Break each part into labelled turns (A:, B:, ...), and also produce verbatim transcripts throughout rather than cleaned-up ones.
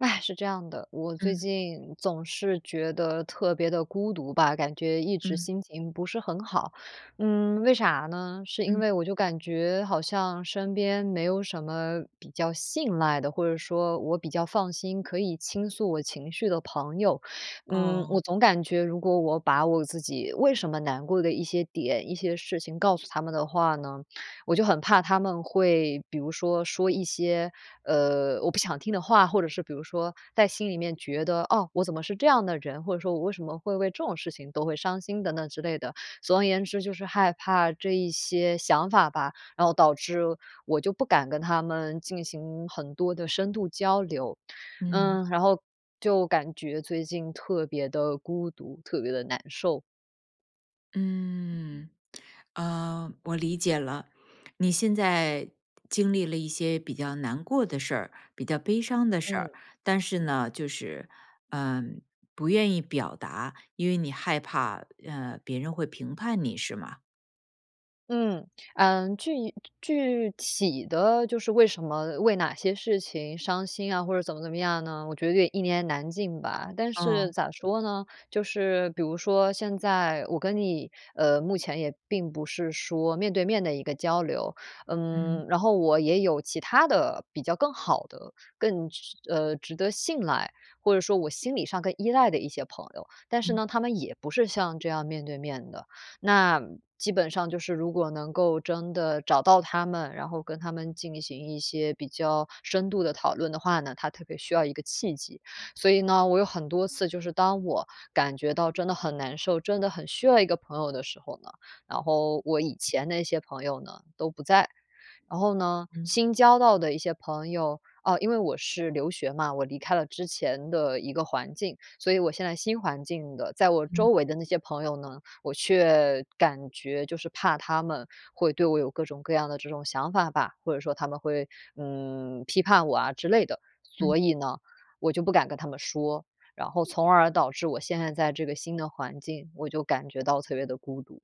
A: 唉，是这样的，我最
B: 嗯。
A: 近总是觉得特别的孤独吧，感觉一直
B: 嗯。
A: 心情不是很好。嗯，为啥呢？是因
B: 嗯。
A: 为我就感觉好像身边没有什么比较信赖的，或者说我比较放心，可以倾诉我情绪的朋友。嗯，
B: 哦。
A: 我总感觉如果我把我自己为什么难过的一些点，一些事情告诉他们的话呢，我就很怕他们会，比如说说一些，呃，我不想听的话，或者是比如说在心里面觉得，哦，我怎么是这样的人，或者说我为什么会为这种事情都会伤心等等之类的。总而言之，就是害怕这一些想法吧，然后导致我就不敢跟他们进行很多的深度交流。
B: 嗯。
A: 嗯，然后就感觉最近特别的孤独，特别的难受。
B: 嗯，呃，我理解了。你现在经历了一些比较难过的事儿，比较悲伤的事儿，
A: 嗯。
B: 但是呢，就是，嗯，不愿意表达，因为你害怕，呃，别人会评判你是吗？
A: 嗯，啊，具具体的就是为什么为哪些事情伤心啊，或者怎么怎么样呢，我觉得有点一言难尽吧。但是
B: 啊。
A: 咋说呢，就是比如说现在我跟你，呃，目前也并不是说面对面的一个交流。
B: 嗯。
A: 嗯，然后我也有其他的比较更好的、更值呃，值得信赖，或者说我心理上更依赖的一些朋友，但是
B: 嗯。
A: 呢，他们也不是像这样面对面的。那基本上就是如果能够真的找到他们，然后跟他们进行一些比较深度地讨论的话呢，它特别需要一个契机。所以呢，我有很多次就是当我感觉到真的很难受、真的很需要一个朋友的时候呢，然后我以前那些朋友呢，都不在。然后呢，
B: 嗯。
A: 新交到的一些朋友啊，因为我是留学嘛，我离开了之前的一个环境，所以我现在新环境的，在我周
B: 嗯。
A: 围的那些朋友呢，我却感觉就是怕他们会对我有各种各样的这种想法吧，或者说他们会，嗯，批判我啊之类的。
B: 嗯。
A: 所以呢，我就不敢跟他们说，然后从而导致我现在在这个新的环境，我就感觉到特别的孤独。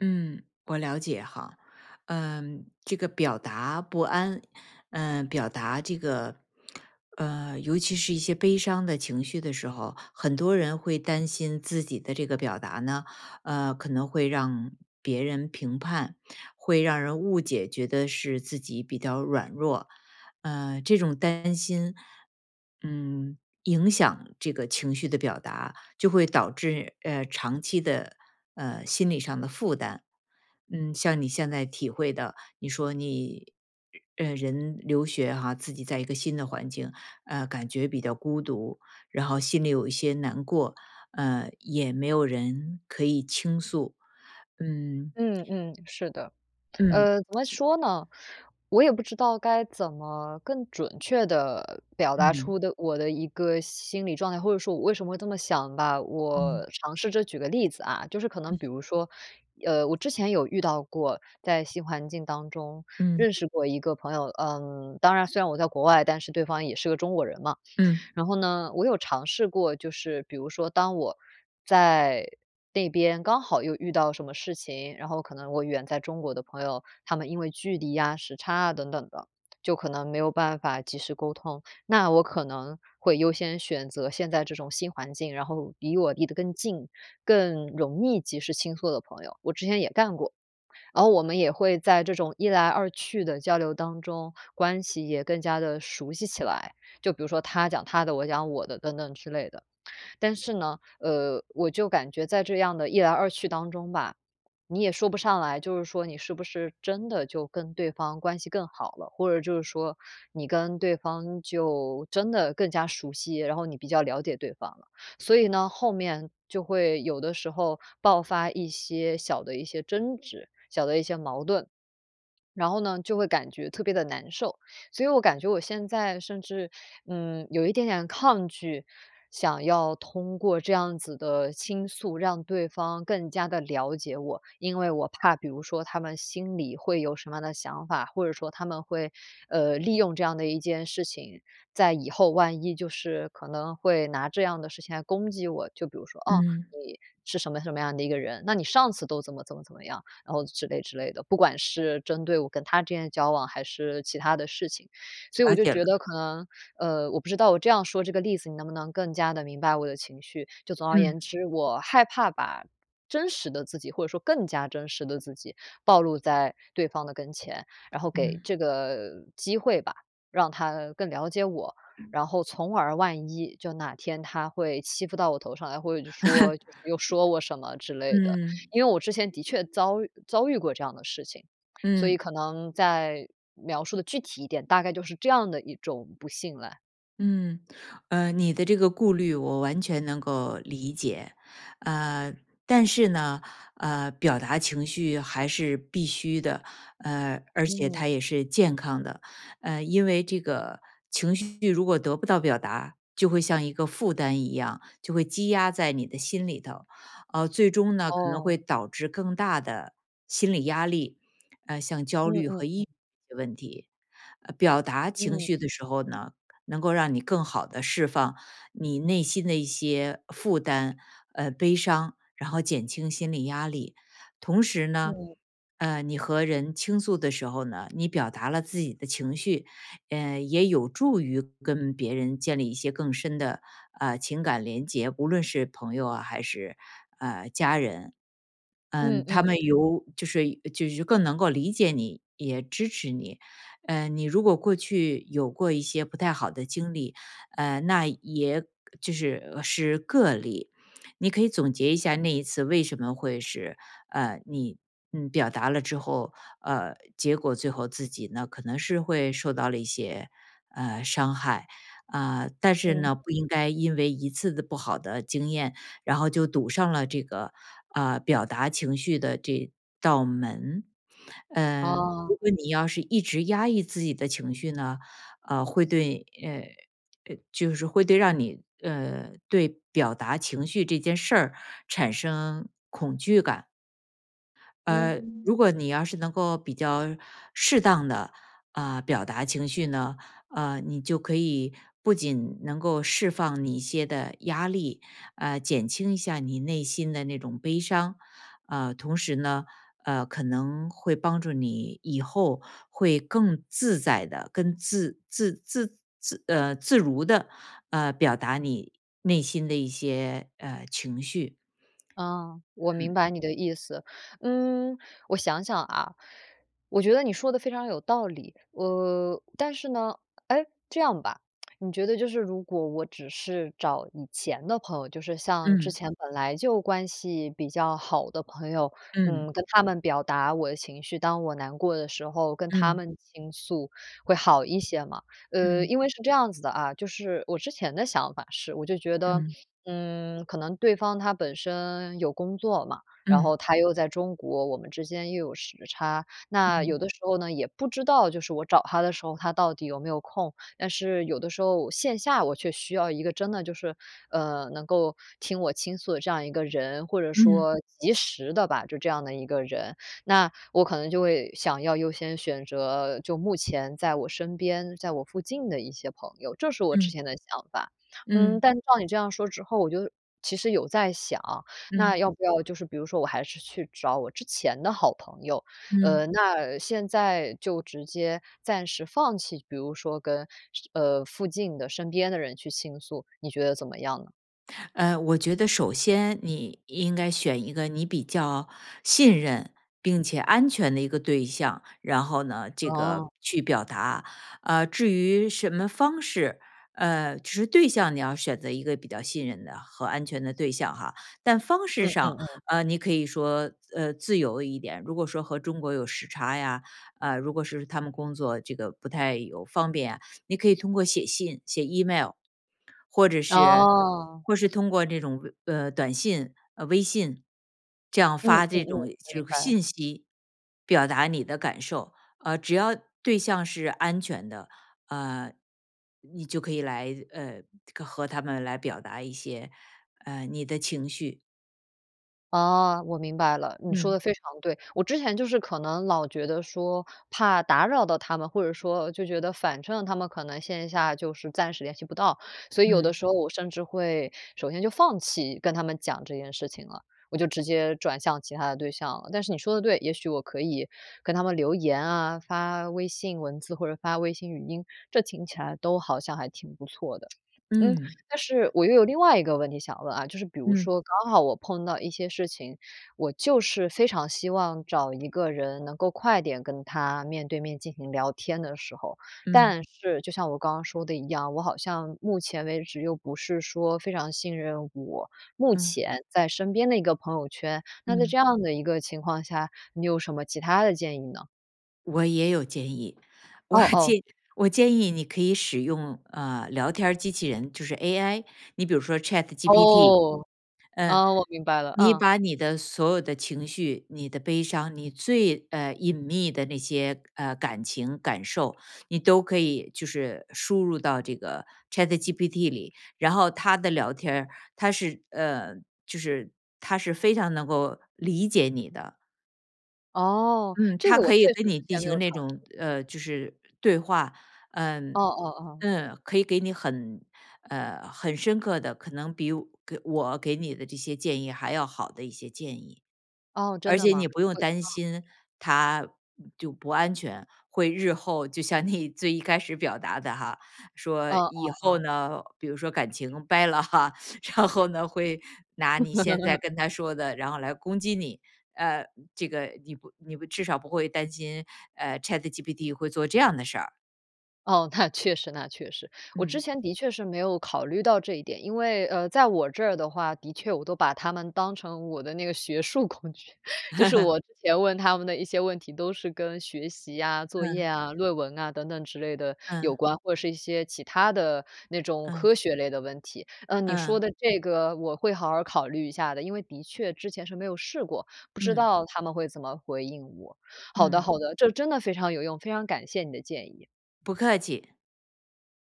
B: 嗯，我了解哈。嗯，这个表达不安，嗯，表达这个，呃，尤其是一些悲伤的情绪的时候，很多人会担心自己的这个表达呢，呃，可能会让别人评判，会让人误解，觉得是自己比较软弱。呃，这种担心，嗯，影响这个情绪的表达，就会导致，呃，长期的，呃，心理上的负担，嗯，像你现在体会的，你说你，呃，人留学哈，自己在一个新的环境，呃，感觉比较孤独，然后心里有一些难过，呃，也没有人可以倾诉，嗯。
A: 嗯，嗯，是的。
B: 嗯。
A: 呃，怎么说呢？我也不知道该怎么更准确地表达
B: 嗯。
A: 出的我的一个心理状态，或者说我为什么会这么想吧。
B: 嗯。
A: 我尝试着举个例子啊，就是可能比
B: 嗯。
A: 如说，呃，我之前有遇到过，在新环境当中
B: 嗯。
A: 认识过一个朋友，呃，当然虽然我在国外，但是对方也是个中国人嘛。
B: 嗯。
A: 然后呢，我有尝试过，就是比如说当我在那边刚好又遇到什么事情，然后可能我远在中国的朋友，他们因为距离呀，时差啊等等的，就可能没有办法及时沟通。那我可能会优先选择现在这种新环境，然后离我离得更近，更容易及时倾诉的朋友，我之前也干过。然后我们也会在这种一来二去的交流当中，关系也更加地熟悉起来，就比如说他讲他的，我讲我的等等之类的。但是呢，呃，我就感觉在这样的一来二去当中吧，你也说不上来，就是说你是不是真的就跟对方关系更好了，或者就是说你跟对方就真的更加熟悉，然后你比较了解对方了。所以呢，后面就会有的时候爆发一些小的一些争执，小的一些矛盾。然后呢，就会感觉特别地难受，所以我感觉我现在甚至，嗯，有一点点抗拒，想要通过这样子的倾诉让对方更加地了解我。因为我怕比如说他们心里会有什么样的想法，或者说他们会，呃，利用这样的一件事情，在以后万一就是可能会拿这样的事情来攻击我，就比如说“哦，
B: 嗯。
A: 你是什么什么样的一个人”“那你上次都怎么怎么怎么样”，然后之类之类的。不管是针对我跟他之间的交往，还是其他的事情。所以我
B: 了
A: 就
B: 解了。
A: 觉得可能，呃，我不知道我这样说这个例子，你能不能更加地明白我的情绪。就总而
B: 嗯。
A: 言之，我害怕把真实的自己，或者说更加真实的自己暴露在对方的跟前，然后给
B: 嗯。
A: 这个机会吧，让他更了解我，然后从而万一就哪天他会欺负到我头上来，或者就说又说我什么 之类的。
B: 嗯。
A: 因为我之前的确遭遇遭遇过这样的事情，所
B: 嗯。
A: 以可能再描述的具体一点，大概就是这样的一种不信赖。
B: 嗯。呃，你的这个顾虑我完全能够理解，呃，但是呢，呃，表达情绪还是必须的，呃，而且它
A: 嗯。
B: 也是健康的。呃，因为这个情绪如果得不到表达，就会像一个负担一样，就会积压在你的心里头。呃，最终呢，可能会
A: 哦。
B: 导致更大的心理压力，呃，像焦
A: 嗯
B: 虑和
A: 嗯
B: 抑
A: 嗯。
B: 郁的问题。呃，表达情
A: 嗯。
B: 绪的时候呢，能够让你更好地释放你内心的一些负担，呃，悲伤，然后减轻心理压力。同时呢，
A: 嗯。
B: 呃，你和人倾诉的时候呢，你表达了自己的情绪，呃，也有助于跟别人建立一些更深的，呃，情感联结，无论是朋友啊，还是，呃，家人。
A: 嗯
B: 嗯，他
A: 嗯。
B: 们尤就是就是更能够理解你，也支持你。呃，你如果过去有过一些不太好的经历，呃，那也就是是个例。你可以总结一下，那一次为什么会是，呃，你，嗯，表达了之后，呃，结果最后自己呢，可能是会受到了一些，呃，伤害。啊，但是
A: 嗯。
B: 呢，不应该因为一次的不好的经验，然后就堵上了这个，呃，表达情绪的这道门。嗯，如
A: 啊。
B: 果你要是一直压抑自己的情绪呢，呃，会对，呃，呃，就是会对让你呃，对表达情绪这件事儿产生恐惧感。呃，
A: 嗯。
B: 如果你要是能够比较适当地，呃，表达情绪呢，呃，你就可以不仅能够释放你一些的压力，呃，减轻一下你内心的那种悲伤。啊，同时呢，呃，可能会帮助你以后会更自在地、更自自自自呃，自如地，呃，表达你内心的一些，呃，情绪。
A: 啊，我 明
B: 嗯。
A: 白你的意思。嗯，我想想啊，我觉得你说得非常有道理。呃，但是呢诶，这样吧，你觉得就是如果我只是找以前的朋友，就是像之
B: 嗯。
A: 前本来就关系比较好的朋友，
B: 嗯。
A: 嗯，跟他们表达我的情绪，当我难过的时候，跟他
B: 嗯。
A: 们倾诉会好一些嘛。呃，
B: 嗯。
A: 因为是这样子的啊，就是我之前的想法是，我就觉得，
B: 嗯。
A: 嗯，可能对方他本身有工作嘛，然后
B: 嗯。
A: 他又在中国，我们之间又有时差。那有
B: 嗯。
A: 的时候呢，也不知道，就是我找他的时候，他到底有没有空。但是有的时候线下我却需要一个真的就是，呃，能够听我倾诉的这样一个人，或者
B: 嗯。
A: 说及时的吧，就这样的一个人。那我可能就会想要优先选择就目前在我身边，在我附近的一些朋友，这是我之
B: 嗯。
A: 前的想法。嗯，
B: 嗯。
A: 但是照你这样说之后，我就其实有在想，那
B: 嗯。
A: 要不要就是比如说我还是去找我之前的好朋友。呃，
B: 嗯。
A: 那现在就直接暂时放弃，比如说跟，呃，附近的身边的人去倾诉，你觉得怎么样呢？
B: 呃，我觉得首先你应该选一个，你比较信任并且安全的一个对象，然后呢，这个
A: 哦。
B: 去表达。呃，至于什么方式，呃，只是对象你要选择一个比较信任的和安全的对象哈，但方式
A: 嗯，嗯，
B: 上，
A: 嗯。
B: 呃，你可以说，呃，自由一点，如果说和中国有时差呀，呃，如果是他们工作这个不太有方便啊，你可以通过写信、写 Email，或者是
A: 哦。
B: 或是通过这种，呃，短信，呃，微信，这样
A: 嗯，
B: 发
A: 嗯，
B: 这
A: 嗯，
B: 种
A: 明
B: 这个
A: 白。
B: 信息表达你的感受，呃，只要对象是安全的，呃，你就可以来呃，和他们来表达一些，呃，你的情绪。
A: 哦，我明白了，你说
B: 嗯。
A: 得非常对。我之前就是可能老觉得说，怕打扰到他们，或者说就觉得反正他们可能线下就是暂时联系不到，所以有的
B: 嗯。
A: 时候我甚至会首先就放弃跟他们讲这件事情了，我就直接转向其他的对象了。但是你说得对，也许我可以跟他们留言啊，发微信文字或者发微信语音，这听起来都好像还挺不错的。嗯，
B: 嗯。
A: 但是我又有另外一个问题想问啊，就是比如
B: 嗯。
A: 说，刚好我碰到一些事情，我就是非常希望找一个人能够快点跟他，面对面进行聊天的时候。
B: 嗯。
A: 但是，就像我刚刚说的一样，我好像目前为止，又不是说非常信任我目
B: 嗯。
A: 前在身边的一个朋友圈，那在
B: 嗯。
A: 这样的一个情况下，你有什么其它的建议呢？
B: 我也有建议，我
A: 哦，哦。
B: 建我建议你可以使用，呃，聊天儿机器人，就是 AI，你比如说 ChatGPT，
A: 哦，
B: 嗯。
A: 呃，我明白了，
B: 你
A: 嗯。
B: 把你的所有的情绪，你的悲伤，你最，呃，隐秘的那些，呃，感情、感受，你都可以就是输入到这个 ChatGPT 里，然后它的聊天儿，它是，呃，就是它是非常能够理解你的。
A: 哦，
B: 嗯，
A: 这
B: 它
A: 个我
B: 可
A: 确
B: 以
A: 实
B: 跟
A: 之
B: 你进
A: 前没有
B: 行那
A: 尝试
B: 种，
A: 过。
B: 呃，就是对话，
A: 哦
B: 嗯。
A: 哦哦。
B: 嗯，可以给你很，呃，很深刻的，可能比，给我给你的这些建议还要好的一些建议。
A: 哦，真
B: 而
A: 的
B: 且
A: 吗？
B: 你不用
A: 我
B: 担
A: 哦。
B: 心它就不安全，会日后就像你最一开始表达的哈，说
A: 哦哦
B: 以后
A: 哦。
B: 呢，比如说感情掰了哈，然后呢，会拿你现在 跟他说的，然后来攻击你，呃，这个你不你不至少不会担心，呃，ChatGPT 会做这样的事儿。
A: 哦，那确实，那确实，我之
B: 嗯。
A: 前的确是没有考虑到这一点。因为，呃，在我这儿的话，的确我都把他们当成我的那个学术工具，就是 我之前问他们的一些问题，都是跟学习呀、作业
B: 嗯。
A: 啊，论文啊，等等之类的有
B: 嗯。
A: 关，或者是一些其它的那种
B: 嗯。
A: 科学类的问题。呃，你说
B: 嗯。
A: 的这个我会好好考虑一下的，因为的确之前是没有试过，不知
B: 嗯。
A: 道它们会怎么回应我。好的，
B: 嗯。
A: 好的，这真的非常有用，非常感谢你的建议。
B: 不客气。